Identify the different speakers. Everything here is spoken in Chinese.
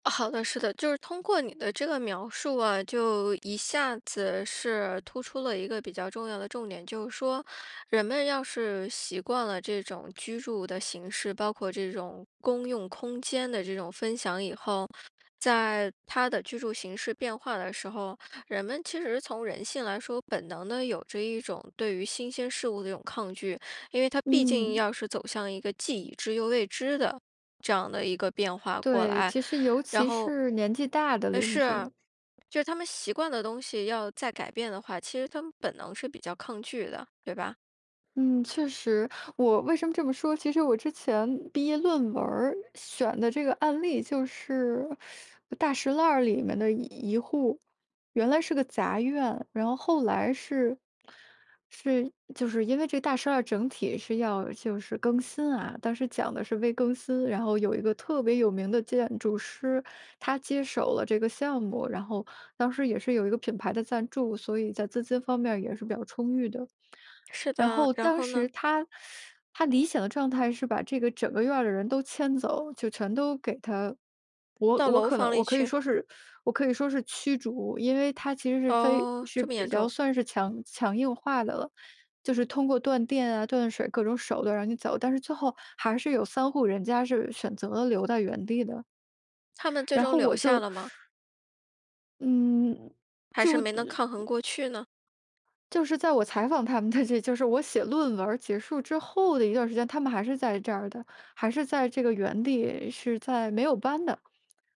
Speaker 1: 好的，是的，就是通过你的这个描述啊，就一下子是突出了一个比较重要的重点，就是说人们要是习惯了这种居住的形式，包括这种公用空间的这种分享以后，在他的居住形式变化的时候，人们其实从人性来说，本能的有着一种对于新鲜事物的这种抗拒。因为他毕竟
Speaker 2: 嗯。
Speaker 1: 要是走向一个既已知又未知的这样的一个变化过
Speaker 2: 对，
Speaker 1: 来。
Speaker 2: 其实尤
Speaker 1: 然
Speaker 2: 其
Speaker 1: 后
Speaker 2: 是年纪大的
Speaker 1: 唉，
Speaker 2: 邻
Speaker 1: 是，
Speaker 2: 居。
Speaker 1: 就是他们习惯的东西要再改变的话，其实他们本能是比较抗拒的，对吧？
Speaker 2: 嗯，确实。我为什么这么说，其实我之前毕业论文儿选的这个案例就是 大栅栏儿里面的一一户。原来是个杂院，然后后来是是，就是因为这大栅栏整体是要就是更新啊，当时讲的是微更新，然后有一个特别有名的建筑师，他接手了这个项目，然后当时也是有一个品牌的赞助，所以在资金方面也是比较充裕的。
Speaker 1: 是
Speaker 2: 然
Speaker 1: 的，
Speaker 2: 后
Speaker 1: 然
Speaker 2: 当
Speaker 1: 后呢？
Speaker 2: 时他 他理想的状态是把这个整个院儿的人都迁走，就全都给他我
Speaker 1: 到
Speaker 2: 我
Speaker 1: 楼
Speaker 2: 可能
Speaker 1: 房
Speaker 2: 我
Speaker 1: 里
Speaker 2: 可以
Speaker 1: 去。
Speaker 2: 说是我可以说是驱逐，因为他其实是非
Speaker 1: 哦，
Speaker 2: 是
Speaker 1: 这么
Speaker 2: 比
Speaker 1: 严
Speaker 2: 较
Speaker 1: 重。
Speaker 2: 算是强强硬化的了。就是通过断电啊，断水各种手段让你走，但是最后还是有3户人家是选择了留在原地的。
Speaker 1: 他们最
Speaker 2: 然
Speaker 1: 终
Speaker 2: 后
Speaker 1: 留
Speaker 2: 我
Speaker 1: 下
Speaker 2: 就
Speaker 1: 了吗？
Speaker 2: 嗯，
Speaker 1: 还是
Speaker 2: 就
Speaker 1: 没能
Speaker 2: 的
Speaker 1: 抗衡
Speaker 2: 嗯。
Speaker 1: 过去呢。
Speaker 2: 就是在我采访他们的这就是我写论文儿结束之后的一段时间，他们还是在这儿的，还是在这个原地，是在没有搬的。